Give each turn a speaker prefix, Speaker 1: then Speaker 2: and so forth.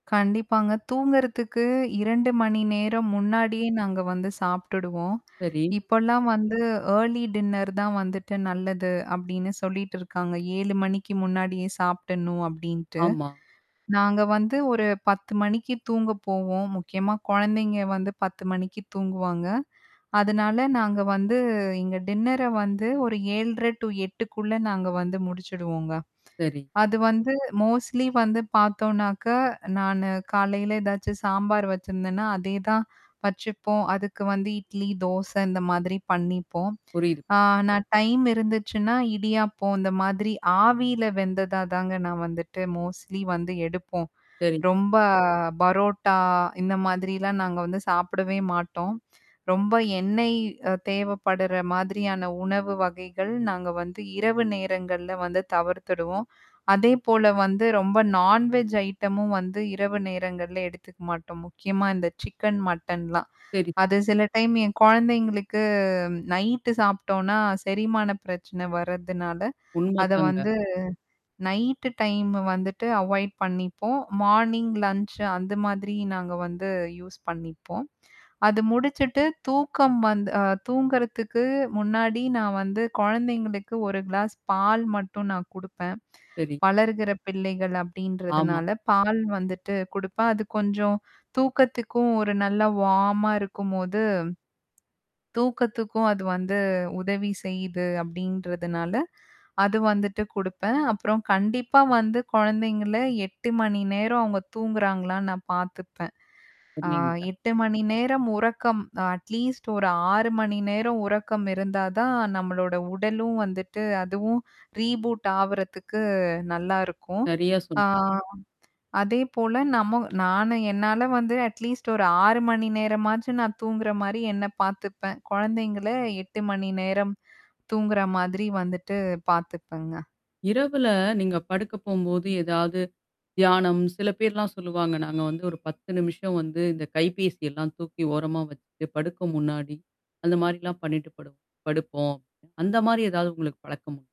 Speaker 1: கண்டிப்பாங்க. தூங்குறதுக்கு 2:00 மணி நேரம் முன்னாடியே நாங்க வந்து சாப்பிட்டுடுவோம்.
Speaker 2: சரி.
Speaker 1: இப்போலாம் வந்து ஏர்லி டின்னர் தான் வந்துட்டு நல்லது அப்பிடின்னு சொல்லிட்டு இருக்காங்க. 7:00 மணிக்கு முன்னாடியே சாப்டுடணும் அப்பிடின்ட்டு.
Speaker 2: ஆமா.
Speaker 1: நாங்க வந்து ஒரு 10:00 மணிக்கு தூங்கப் போவோம், முக்கியமாக குழந்தைங்க வந்து 10:00 மணிக்கு தூங்குவாங்க. அதனால நாங்க வந்து எங்க டின்னர வந்து ஒரு 7:30 டூ 8:00 க்குள்ளே நாங்க வந்து முடிச்சிடுவோங்க.
Speaker 2: சரி.
Speaker 1: அது வந்து மோஸ்ட்லி வந்து பார்த்தோம்னாக்கா, நானு காலையில ஏதாச்சும் சாம்பார் வச்சுருந்தேனா, அதே தான் வச்சுப்போம். அதுக்கு வந்து இட்லி, தோசை இந்த மாதிரி பண்ணிப்போம்.
Speaker 2: புரியுது.
Speaker 1: ஆ நான் டைம் இருந்துச்சுன்னா இடியாப்பம் இந்தமாதிரி ஆவியில வெந்ததா தாங்க நான் வந்துட்டு மோஸ்ட்லி வந்து எடுப்போம்.
Speaker 2: சரி.
Speaker 1: ரொம்ப பரோட்டா இந்த மாதிரிலாம் நாங்க வந்து சாப்பிடவே மாட்டோம். ரொம்ப எண்ணெய் அ தேவைப்படுற மாதிரியான உணவு வகைகள் நாங்க வந்து இரவு நேரங்கள்ல வந்து தவிர்த்துருவோம். அதேபோல வந்து ரொம்ப நான்வெஜ் ஐட்டமும் வந்து இரவு நேரங்கள்ல எடுத்துக்க மாட்டோம். முக்கியமா இந்த சிக்கன், மட்டன்லாம்.
Speaker 2: சரி.
Speaker 1: அது சில டைம் என் குழந்தைங்களுக்கு நைட்டு சாப்பிட்டோன்னா, செரிமானப் பிரச்சனை வர்றதுனால,
Speaker 2: உண்மை
Speaker 1: அத
Speaker 2: தாங்க.
Speaker 1: வந்து நைட்டு டைம் வந்துட்டு அவாய்ட் பண்ணிப்போம். மார்னிங் லன்ச் அந்த மாதிரி நாங்க வந்து யூஸ் பண்ணிப்போம். அது முடிச்சுட்டு தூக்கம் வந் அ தூங்குறதுக்கு முன்னாடி நான் வந்து குழந்தைங்களுக்கு 1 கிளாஸ் பால் மட்டும் நான் கொடுப்பேன்.
Speaker 2: சரி.
Speaker 1: வளர்கிற பிள்ளைகள்
Speaker 2: ஆமா.
Speaker 1: அப்பிடின்றதனால பால் வந்துட்டு குடுப்பேன். அது கொஞ்சம் தூக்கத்துக்கும் ஒரு நல்ல வார்ம்மா இருக்கும்போது தூக்கத்துக்கும் அது வந்து உதவி செய்யுது அப்பிடின்றதுனால, அது வந்துட்டு கொடுப்பேன். அப்புறம் கண்டிப்பா வந்து குழந்தைங்கள 8:00 மணி நேரம் அவுங்க தூங்குறாங்களான்னு நான் பார்த்துப்பேன். ஆ,
Speaker 2: உண்மைங்க.
Speaker 1: 8:00 மணி நேரம் உறக்கம் அ அட்லீஸ்ட் ஒரு 6:00 மணி நேரம் உறக்கம் இருந்தா தான் நம்மளோட உடலும் வந்துட்டு அதுவும் ரீபூட் ஆவுறதுக்கு நல்லாயிருக்கும்.
Speaker 2: சரியா
Speaker 1: ஆ,
Speaker 2: சொன்னீங்க.
Speaker 1: அதேபோல நம்ம நானும் என்னால வந்து அட்லீஸ்ட் ஒரு 6:00 மணி நேரமாச்சும் நான் தூங்குறமாரி என்னை பார்த்துப்பேன். குழந்தைங்கள 8:00 மணி நேரம் தூங்குற மாதிரி வந்துட்டு பார்த்துப்பேங்க.
Speaker 2: இரவுல நீங்க படுக்க போம்போது ஏதாவது தியானம் சில பேர்லாம் சொல்லுவாங்க. நாங்க வந்து ஒரு 10 நிமிஷம் வந்து இந்த கைபேசி எல்லாம் தூக்கி ஓரமா வச்சிட்டு படுக்க முன்னாடி அந்த மாரிலாம் பண்ணிட்டு படுப் படுப்போம். அந்தமாரி எதாவது உங்களுக்கு பழக்கம்?